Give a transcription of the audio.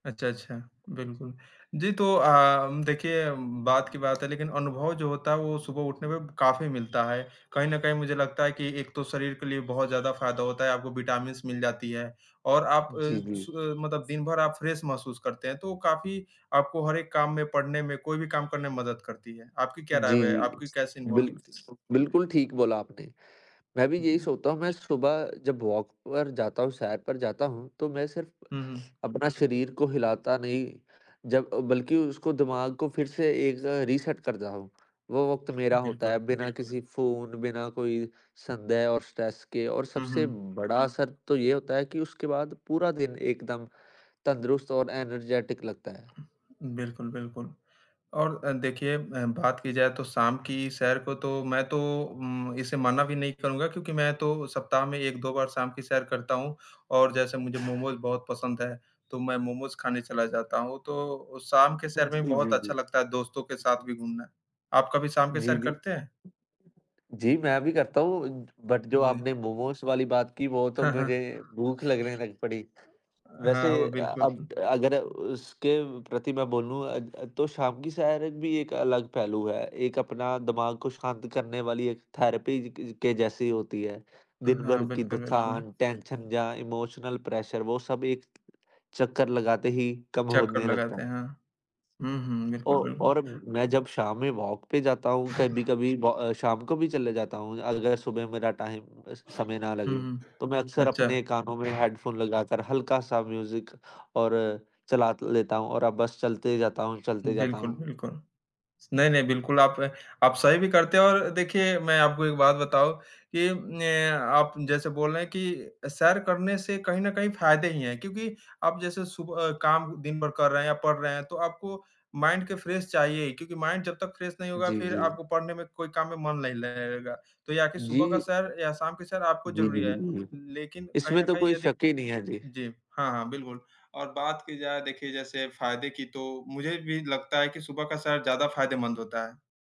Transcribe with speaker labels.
Speaker 1: अच्छा, अच्छा, बिल्कुल। जी, तो अ, देखिए बात की बात है लेकिन अनुभव जो होता है वो सुबह उठने पे काफ़ी मिलता है। कहीं न कहीं मुझे लगता है कि एक तो शरीर के लिए बहुत ज़्यादा फ़ायदा होता है, आपको विटामिन्स मिल जाती है और आप
Speaker 2: जी,
Speaker 1: श
Speaker 2: जी।
Speaker 1: मतलब दिन भर आप फ्रेश महसूस करते हैं तो काफ़ी आपको हर एक काम में, पढ़ने में, कोई भी काम करने में मदद करती है। आपकी क्या राय
Speaker 2: जी,
Speaker 1: ब
Speaker 2: जी।
Speaker 1: आपकी कैसी अनुभव
Speaker 2: बिल
Speaker 1: मिलती है?
Speaker 2: बिल्कुल ठीक बोला आपने। मैं भी
Speaker 1: उ,
Speaker 2: यही
Speaker 1: जी।
Speaker 2: सोता हूँ, मैं सुबह जब वॉक पर जाता हूँ, सैर पर जाता हूँ तो मैं सिर्फ़
Speaker 1: हुँ, हुँ।
Speaker 2: अपना शरीर को हिलाता नहीं, जब बल्कि उसको दिमाग को फिर से एक ज़ रीसेट कर जा हूँ। वो वक़्त मेरा होता है
Speaker 1: बिल्कुल।
Speaker 2: बिना किसी फ़ोन, बिना कोई संदेह और स्ट्रेस के और
Speaker 1: हुँ,
Speaker 2: सबसे
Speaker 1: हुँ।
Speaker 2: बड़ा असर तो ये होता है कि उसके बाद पूरा दिन एकदम तंदुरुस्त और एनर्जेटिक लगता है।
Speaker 1: बिल्कुल, बिल्कुल। और देखिए अ, बात की जाए तो शाम की सैर को तो मैं तो उम, इसे मना भी नहीं करूँगा क्योंकि मैं तो सप्ताह में 1-2 बार शाम की सैर करता हूँ और जैसे मुझे मोमोज बहुत पसंद है तो मैं मोमोज़ खाने चला जाता हूँ, तो शाम के सैर में
Speaker 2: जी,
Speaker 1: बहुत
Speaker 2: जी, जी।
Speaker 1: अच्छा लगता है, दोस्तों के साथ भी घूमना। आप कभी शाम के
Speaker 2: जी,
Speaker 1: सैर
Speaker 2: जी।
Speaker 1: करते हैं?
Speaker 2: जी, मैं भी करता हूँ बट जो
Speaker 1: जी।
Speaker 2: आपने मोमोज़ वाली बात की, वो तो
Speaker 1: हाँ,
Speaker 2: मुझे
Speaker 1: हाँ।
Speaker 2: भूख लगने लग पड़ी। वैसे
Speaker 1: हाँ, वो
Speaker 2: अ,
Speaker 1: बिल्कुल।
Speaker 2: अब अगर उसके प्रति मैं बोलूँ अ अ, तो शाम की सैर भी एक अलग पहलू है, एक अपना दिमाग को शांत करने वाली एक थेरेपी क के जैसी होती है। दिन
Speaker 1: हाँ।
Speaker 2: भर की
Speaker 1: बिल्कुल, बिल्कुल।
Speaker 2: थकान, टेंशन या इमोशनल प्रेशर वो सब एक चक्कर लगाते ही कम
Speaker 1: चक्कर
Speaker 2: होने लगता
Speaker 1: लगाते हैं,
Speaker 2: है।
Speaker 1: हाँ। हुँ, हुँ।
Speaker 2: औ
Speaker 1: बिल्कुल, बिल्कुल।
Speaker 2: और मैं जब शाम में वॉक पे जाता हूँ कभी-कभी ब शाम को भी चले जाता हूँ अगर सुबह मेरा टाइम
Speaker 1: हुँ,
Speaker 2: समय ना लगे।
Speaker 1: हुँ।
Speaker 2: तो मैं अक्सर
Speaker 1: अच्छा।
Speaker 2: अपने कानों में हेडफोन लगाकर हल्का-सा म्यूज़िक और चला लेता हूँ और बस चलते जाता हूँ चलते जाता
Speaker 1: बिल्कुल,
Speaker 2: हूँ।
Speaker 1: बिल्कुल। नहीं, नहीं। बिल्कुल, आपने आप सही भी करते और देखिए मैं आपको एक बात बताऊँ कि ने आप जैसे बोल रहे हैं कि सैर करने से कहीं न कहीं फ़ायदे ही हैं क्योंकि आप जैसे सुबह काम दिन भर कर रहे हैं या पढ़ रहे हैं तो आपको माइंड के फ्रेश चाहिए ही क्योंकि माइंड जब तक फ्रेश नहीं होगा
Speaker 2: जी,
Speaker 1: फिर
Speaker 2: जी।
Speaker 1: आपको पढ़ने में कोई काम में मन नहीं लगेगा। तो या कि सुबह का
Speaker 2: जी।
Speaker 1: सैर या शाम की सैर आपको
Speaker 2: जी, जी, जी,
Speaker 1: ज़रूरी
Speaker 2: जी, जी।
Speaker 1: है
Speaker 2: बिल्कुल, बिल्कुल।
Speaker 1: लेकिन कहीं
Speaker 2: इसमें
Speaker 1: न
Speaker 2: तो
Speaker 1: कहीं
Speaker 2: कोई
Speaker 1: यदि
Speaker 2: शक ही नहीं है। जी।
Speaker 1: जी, हाँ, हाँ बिल्कुल। और बात की जाए देखिए जैसे फ़ायदे की तो मुझे भी लगता है कि सुबह का सैर ज़्यादा फ़ायदेमंद होता है।